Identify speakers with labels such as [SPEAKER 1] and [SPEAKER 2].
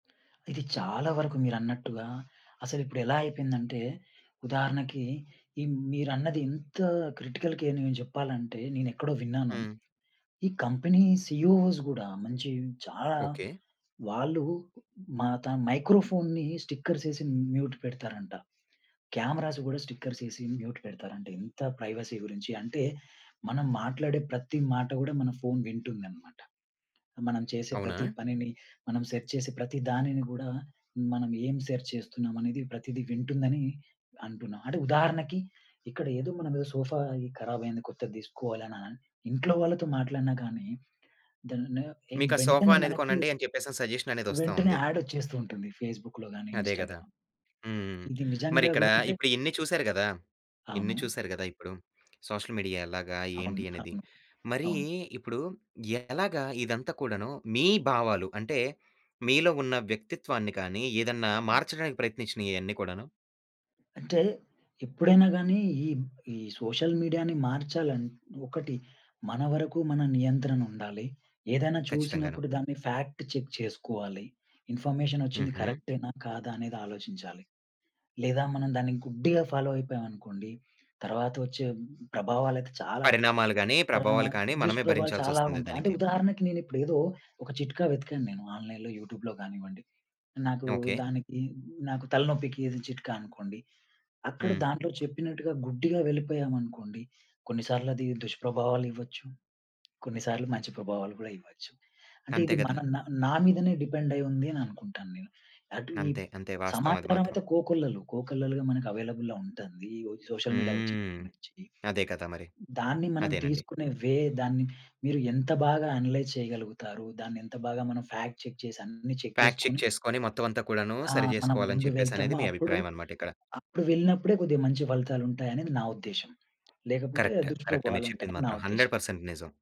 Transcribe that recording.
[SPEAKER 1] ఇది చాలా వరకు మీరన్నట్టుగా అసలిప్పుడు ఎలా అయిపోయిందంటే ఉదాహరణకి, ఈ మీరన్నది ఇంత క్రిటికల్‌కేర్‌ని నేను జెప్పాలంటే నేనేక్కడో విన్నాను.
[SPEAKER 2] హ్మ్.
[SPEAKER 1] ఈ కంపెనీ సిఇఓ‌స్ గూడా మంచి చాలా
[SPEAKER 2] ఓకే.
[SPEAKER 1] వాళ్ళు మాతన్ మైక్రోఫోన్‌ని స్టిక్కర్స్ ఏసి మ్యూట్ పెడతారంట. క్యామరాస్ గూడా స్టిక్కర్స్ ఏసి మ్యూట్ పెడతారంట ఇంత ప్రైవసీ గురించి. అంటే మనం మాట్లాడే ప్రతి మాట గూడా మన ఫోన్ వింటుందన్నమాట. మనం చేసే
[SPEAKER 2] అవునా!
[SPEAKER 1] ప్రతి పనిని, మనం సెర్చ్ చేసే ప్రతి దానిని గూడా మనం ఏం సెర్చ్ చేస్తున్నామనేది ప్రతీదీ వింటుందని అంటున్నా. అంటే ఉదాహరణకి ఇక్కడ ఏదో మనం ఏదో సోఫా ఈ కరాబయింది. కొత్తది తీసుకోవాలి అననన్ ఇంట్లో వాళ్ళతో మాట్లాడినా గానీ దాన్నేం ఏం
[SPEAKER 2] మీకా సోఫా
[SPEAKER 1] వెంటనే
[SPEAKER 2] అనేది
[SPEAKER 1] మనకి
[SPEAKER 2] కొనండి అని జెప్పేసని సజెషన్ అనేది వస్తా
[SPEAKER 1] వెంటనే
[SPEAKER 2] ఉంది.
[SPEAKER 1] యాడొచ్చేస్తూ ఉంటుంది ఫేస్‌బుక్‌లో గానీ,
[SPEAKER 2] అదే గదా!
[SPEAKER 1] ఇన్‌స్టా‌గ్రామ్.
[SPEAKER 2] హ్మ్. హ్మ్.
[SPEAKER 1] ఇది నిజంగా
[SPEAKER 2] మరిక్కడ
[SPEAKER 1] గూడా అంటే
[SPEAKER 2] ఇప్పుడు ఇన్ని చూసారు గదా! ఇన్ని
[SPEAKER 1] అవును.
[SPEAKER 2] చూసారు గదా! ఇప్పుడు సోషల్ మీడియా ఎలాగా? ఏంటి
[SPEAKER 1] అవును.
[SPEAKER 2] అనేది?
[SPEAKER 1] అవును.
[SPEAKER 2] మరీ
[SPEAKER 1] అవును.
[SPEAKER 2] ఇప్పుడు ఎలాగా ఇదంతా కూడాను మీ భావాలు అంటే, మీలో ఉన్న వ్యక్తిత్వాన్ని కానీ, ఏదన్నా
[SPEAKER 1] అవును.
[SPEAKER 2] మార్చడానికి ప్రయత్నించినయి ఈ అన్నీ కూడాను?
[SPEAKER 1] అంటే ఎప్పుడైనా గానీ ఈ, ఈ సోషల్ మీడియా‌ని మార్చాలని ఒకటి, మన వరకు మన నియంత్రనుండాలి. ఏదన్నా
[SPEAKER 2] ఖచ్చితంగాను.
[SPEAKER 1] చూసినప్పుడు దాన్ని ఫ్యాక్ట్ చెక్ చేసుకోవాలి. ఇన్ఫర్మేషన్ ఒచ్చింది
[SPEAKER 2] హుహు.
[SPEAKER 1] కరెక్టే‌నా? కాదా? అనేది ఆలోచించాలి. లేదా, మనం దాన్ని గుడ్డిగా ఫాలో అయిపోయామనుకోండి. తర్వాత వచ్చే ప్రభావాలయితే చాలా
[SPEAKER 2] పరిణామాలు గానీ, ప్రభావాలు
[SPEAKER 1] పరిణామాలు
[SPEAKER 2] కానీ, మనమే
[SPEAKER 1] దుష్ప్రభావాలు చాలా
[SPEAKER 2] భరించాల్సొస్తుంది
[SPEAKER 1] ఉంటయి. అంటే
[SPEAKER 2] దానికి.
[SPEAKER 1] ఉదాహరణకి నేనిప్పుడు ఏదో ఒక చిట్కా వెతికాను నేను ఆన్‌లైన్‌లో, యూట్యూబ్‌లో గానివ్వండి. నాకు
[SPEAKER 2] ఓకే.
[SPEAKER 1] దానికి నాకు తలనొప్పికి ఇది చిట్కా అనుకోండి. అక్కడ
[SPEAKER 2] హ్మ్.
[SPEAKER 1] దాంట్లో చెప్పినట్టుగా గుడ్డిగా వెళ్ళిపోయామనుకోండి, కొన్నిసార్లు అది దుష్ప్రభావాలు ఇవ్వొచ్చు. కొన్నిసార్లు మంచి ప్రభావాలు గూడా ఇవ్వచ్చు. అంటే
[SPEAKER 2] అంతే
[SPEAKER 1] ఇది మన
[SPEAKER 2] గదా!
[SPEAKER 1] నా, నా మీదనే డిపెండ్ అయ్యి ఉంది అని అనుకుంటాను నేను. అటు ఈ
[SPEAKER 2] అంతే. అంతే. వాస్తవం అది
[SPEAKER 1] సమాచారం
[SPEAKER 2] మాత్రం.
[SPEAKER 1] అయితే కోకొల్లలు. కోకొల్లలుగా మనకు అవైలబుల్‌లో ఉంటంది. ఈ సోషల్ మీడియా
[SPEAKER 2] హ్మ్.
[SPEAKER 1] వచ్చినప్పటి నుంచి.
[SPEAKER 2] అదే కదా మరి.
[SPEAKER 1] దాన్ని మనం
[SPEAKER 2] అదేనండి.
[SPEAKER 1] తీసుకునే వే, దాన్ని మీరు ఎంత బాగా అనలైజ్ చేయగలుగుతారు? దాన్ని ఎంత బాగా మనం ఫ్యాక్ట్ చెక్ చేసి అన్ని చెక్
[SPEAKER 2] ఫ్యాక్ చెక్
[SPEAKER 1] జేసుకొని
[SPEAKER 2] చేసుకొని మొత్తం అంతా కూడాను
[SPEAKER 1] ఆ!
[SPEAKER 2] సరి
[SPEAKER 1] మనం
[SPEAKER 2] జేసుకోవాలని
[SPEAKER 1] ముందు
[SPEAKER 2] చెప్పేసనేది
[SPEAKER 1] వెళ్తాము.
[SPEAKER 2] మీ
[SPEAKER 1] అప్పుడు,
[SPEAKER 2] అభిప్రాయమన‌మాట ఇక్కడ.
[SPEAKER 1] అప్పుడు వెళ్ళినప్పుడే కొద్దిగా మంచి ఫలితాలుంటాయనేది నా ఉద్దేశ్యం. లేకపోతే
[SPEAKER 2] కరెక్ట్. కరెక్టే మీరు చెప్పింది
[SPEAKER 1] దుష్ప్రభావాలుంటాయని నా
[SPEAKER 2] మాత్రం. హండ్రెడ్
[SPEAKER 1] ఉద్దేశ్యం.
[SPEAKER 2] పర్సెంట్ నిజం.